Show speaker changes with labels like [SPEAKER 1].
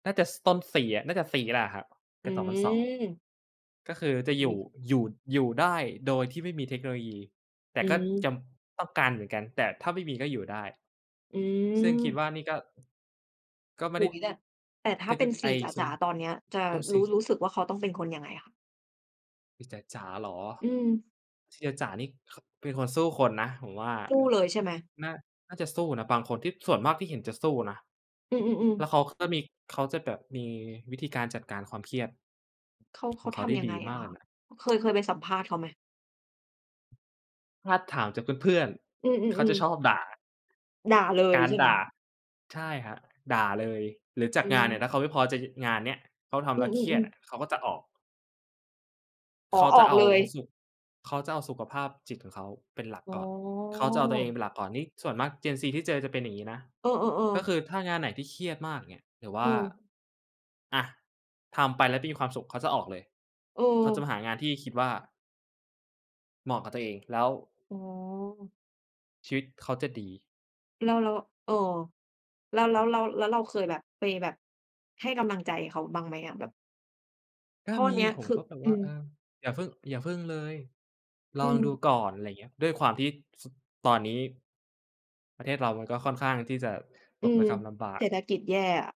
[SPEAKER 1] น่าจะ ซ ต้นซี น่าจะซีแล้วอะครับ เก
[SPEAKER 2] อ
[SPEAKER 1] ิ
[SPEAKER 2] ื
[SPEAKER 1] ด 2002
[SPEAKER 2] ม
[SPEAKER 1] ก็คือจะอ
[SPEAKER 2] อ
[SPEAKER 1] ย
[SPEAKER 2] ุ๊
[SPEAKER 1] ู่
[SPEAKER 2] ย
[SPEAKER 1] อยู่ อยู่ได้โดยที่ไม่มีเทคโนโลยี แต่
[SPEAKER 2] อื
[SPEAKER 1] ก็จ
[SPEAKER 2] ม
[SPEAKER 1] ำ ต้องการเหมือนกัน แต่ถ้าไม่มีก็อยู่ได้
[SPEAKER 2] อื
[SPEAKER 1] ซึ่งคิด
[SPEAKER 2] ม
[SPEAKER 1] ว่านี่ก็ ก็ไม
[SPEAKER 2] โ
[SPEAKER 1] ่
[SPEAKER 2] อ
[SPEAKER 1] ไ
[SPEAKER 2] ้
[SPEAKER 1] ด้
[SPEAKER 2] โฮ แบบ แต่ถ
[SPEAKER 1] เ
[SPEAKER 2] ้
[SPEAKER 1] ท
[SPEAKER 2] า
[SPEAKER 1] ค
[SPEAKER 2] เป
[SPEAKER 1] น
[SPEAKER 2] ็
[SPEAKER 1] ิ
[SPEAKER 2] น
[SPEAKER 1] ค
[SPEAKER 2] ซ
[SPEAKER 1] ไอ
[SPEAKER 2] ี
[SPEAKER 1] ้
[SPEAKER 2] จ
[SPEAKER 1] ซี
[SPEAKER 2] ๋า ๆ ตอนเนี้ยจะ
[SPEAKER 1] โอ้ซ
[SPEAKER 2] รู้
[SPEAKER 1] ี
[SPEAKER 2] รู้สึกว่าเขาต้องเป็นคนยังไงอะคะ?
[SPEAKER 1] ซีจ๋า ๆ เหรอ
[SPEAKER 2] อืม
[SPEAKER 1] ซีจ๋า ๆ นี่ ค เป็นคนสู้คนนะผมว่า
[SPEAKER 2] สู้เลยใช่ไหม?
[SPEAKER 1] น่า น่าจะสู้นะ บางคนที่ ส่วนมากที่เห็นจะสู้นะ
[SPEAKER 2] อืม
[SPEAKER 1] แล้ว
[SPEAKER 2] ๆ ๆ
[SPEAKER 1] เขา ค ก็มี เขาจะแบบมีวิธีการจัดการความเครียด
[SPEAKER 2] เขา เข
[SPEAKER 1] ขอ
[SPEAKER 2] า
[SPEAKER 1] งเข
[SPEAKER 2] ท
[SPEAKER 1] าได้
[SPEAKER 2] ำยัง
[SPEAKER 1] ด
[SPEAKER 2] ไง
[SPEAKER 1] ีม
[SPEAKER 2] อ
[SPEAKER 1] า
[SPEAKER 2] ะ
[SPEAKER 1] กเ
[SPEAKER 2] ค
[SPEAKER 1] ล
[SPEAKER 2] ะ
[SPEAKER 1] ยนะ
[SPEAKER 2] อ เคย เคยไปสัมภาษณ์เขาไหม?
[SPEAKER 1] ถ้าถามจากเพื่อน
[SPEAKER 2] อื
[SPEAKER 1] ๆ เขาจะ
[SPEAKER 2] อ
[SPEAKER 1] ชอ
[SPEAKER 2] ๆ ๆ
[SPEAKER 1] บด่า
[SPEAKER 2] ด่าเล
[SPEAKER 1] ก
[SPEAKER 2] ย
[SPEAKER 1] าร
[SPEAKER 2] ใช่ไห
[SPEAKER 1] ด
[SPEAKER 2] ม?
[SPEAKER 1] ่า ใช่ครับ ด่าเลย หรือจา
[SPEAKER 2] อ
[SPEAKER 1] ก
[SPEAKER 2] ื
[SPEAKER 1] งานเนี่ย ถ้
[SPEAKER 2] ม
[SPEAKER 1] าเขาไม่พอใจ จ งานเนี่ย เขาทำ
[SPEAKER 2] อ
[SPEAKER 1] แ
[SPEAKER 2] ื
[SPEAKER 1] ล้วเครียด
[SPEAKER 2] อ
[SPEAKER 1] อ
[SPEAKER 2] ๆ ๆ
[SPEAKER 1] ะ เขาก็จะออก
[SPEAKER 2] อ๋
[SPEAKER 1] เ
[SPEAKER 2] อ
[SPEAKER 1] ขา
[SPEAKER 2] อ
[SPEAKER 1] จะ
[SPEAKER 2] อก
[SPEAKER 1] เอา
[SPEAKER 2] เลย
[SPEAKER 1] สุ เขาจะเอาสุขภาพจิตของเขาเป็นหลัก
[SPEAKER 2] อ๋
[SPEAKER 1] ก่อน เขาจะเอาตัวเอง
[SPEAKER 2] อ
[SPEAKER 1] เป็นหลักก่อน นี่ส่วนมาก Gen Z ที่เจอจะเป็นอย่างงี้นะ
[SPEAKER 2] เออ
[SPEAKER 1] ก็ค
[SPEAKER 2] ๆ ๆ
[SPEAKER 1] ือถ้างานไหนที่เครียดมาก อย่างเงี้ย หรือว
[SPEAKER 2] อ
[SPEAKER 1] ่
[SPEAKER 2] ื
[SPEAKER 1] า
[SPEAKER 2] ม
[SPEAKER 1] อา ทำไปแล้วตีความสุข เขาจะออกเลย
[SPEAKER 2] อ
[SPEAKER 1] เขาจะ
[SPEAKER 2] ือ
[SPEAKER 1] มาหางานที่คิดว่า เหมาะกับตัวเอง แล้ว
[SPEAKER 2] อ๋อ
[SPEAKER 1] ชีวิตเขาจะดี
[SPEAKER 2] แล้ว แล้ว เออ แล้ว แล้
[SPEAKER 1] คร
[SPEAKER 2] ว
[SPEAKER 1] ับ
[SPEAKER 2] แล้ว แล้วเราเคยแบบ ไปแบบให้กำลังใจเขาบ้างไหมอะ? แบบ
[SPEAKER 1] ก็
[SPEAKER 2] เพราะ
[SPEAKER 1] ม
[SPEAKER 2] อั
[SPEAKER 1] ี
[SPEAKER 2] นเนี้ย
[SPEAKER 1] ผ
[SPEAKER 2] ค
[SPEAKER 1] ม
[SPEAKER 2] ื
[SPEAKER 1] ก
[SPEAKER 2] อ
[SPEAKER 1] ็แบบ
[SPEAKER 2] อ
[SPEAKER 1] ว
[SPEAKER 2] ื
[SPEAKER 1] ่า
[SPEAKER 2] ม
[SPEAKER 1] เออ อย่าเพิ่ง อย่าเพิ่งเลย ล
[SPEAKER 2] อ
[SPEAKER 1] อ
[SPEAKER 2] ื
[SPEAKER 1] งดู
[SPEAKER 2] ม
[SPEAKER 1] ก่อน อะไรเงี้ย ด้วยความที่ ส ตอนนี้ ประเทศเรามันก็ค่อนข้างที่จะต
[SPEAKER 2] อื
[SPEAKER 1] กร
[SPEAKER 2] ม
[SPEAKER 1] ะกำลำบา
[SPEAKER 2] เศ
[SPEAKER 1] ก
[SPEAKER 2] รษฐกิจแย่อะ